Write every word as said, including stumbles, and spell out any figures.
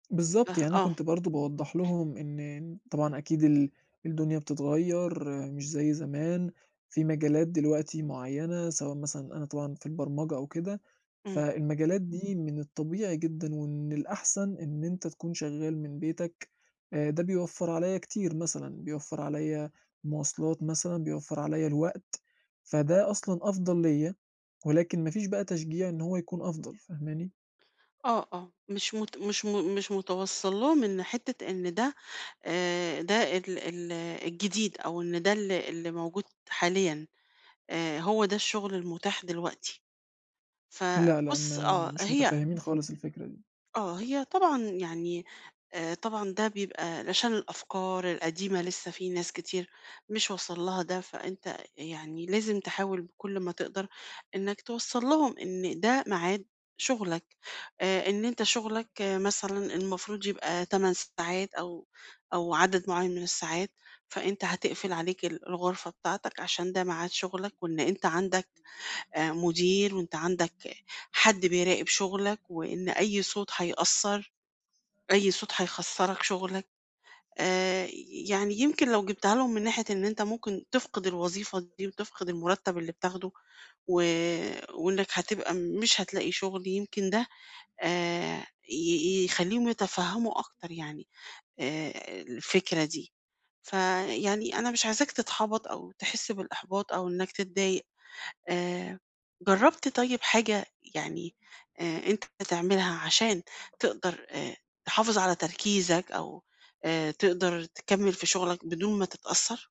بالضبط، فاه يعني أنا آه. كنت برضه باوضح لهُم إن طبعًا أكيد ال الدُنيا بتتغير، مش زي زمان، في مجالات دلوقتي معيّنة سواء مثلًا أنا طبعًا في البرمجة أو كده. إمم. فالمجالات دي من الطبيعي جدًا ومن الأحسن إن أنت تكون شغال من بيتَك، ده بيوفّر عليا كتير مثلًا. بيوفّر عليّا مواصلات مثلًا، بيوفّر عليّا الوقت. فده أصلًا أفضل ليّا، ولكن ما فيش بقى تشجيع إن هو يكون أفضل فاهماني؟ آه، آه، مش مت مش م مش متوصَّل لهُم إن حتّة إن ده آآ، ده ال ال الجديد أو إن ده ال اللي موجود حاليًا. آآ، هو ده الشغل المُتاح دلوقتي. لأ لأ، فبُص ما آه، مش هي متفهمين خالص الفكرة دي. آه، هي طبعًا يعني آآ، طبعًا ده بيبقى علشان الأفكار القديمة لسّه في ناس كتير مش واصل لها ده، فأنت يعني لازم تحاول بكل ما تقدر، إنَّك توصَّل لهُم إن ده ميعاد شُغلَك. آآ، إن أنت شُغلَك مثلًا المفروض يبقى تمن ساعات أو أو عدد معيّن من الساعات، فأنت هتقفل عليك ال الغرفة بتاعتَك علشان ده ميعاد شُغلَك، وإن أنت عندَك آآ، مُدير، وأنت عندَك حد بيراقب شُغلّك، وإن أي صوت هيأثّر، أي صوت هيخسرَك شُغلَك. آآ، يعني يمكن لو جبتها لهُم من ناحية إن أنت ممكن تفقد الوظيفة دي، وتفقد المُرتّب اللي بتاخده، و وإنَّك هتبقى مش هتلاقي شُغل، يمكن ده آآ، ي يخلّيهم يتفهموا أكتر يعني، آآ، الفكرة دي. فيعني أنا مش عايزاك تتحبَط أو تحس بالإحباط أو إنَّك تتضايق. آآ، جرّبت طيب حاجة يعني آآ، أنت بتعملها علشان تقدر آآ، تحافظ على تركيزَك أو آآ، تقدر تكمّل في شُغلَك بدون ما تتأثر؟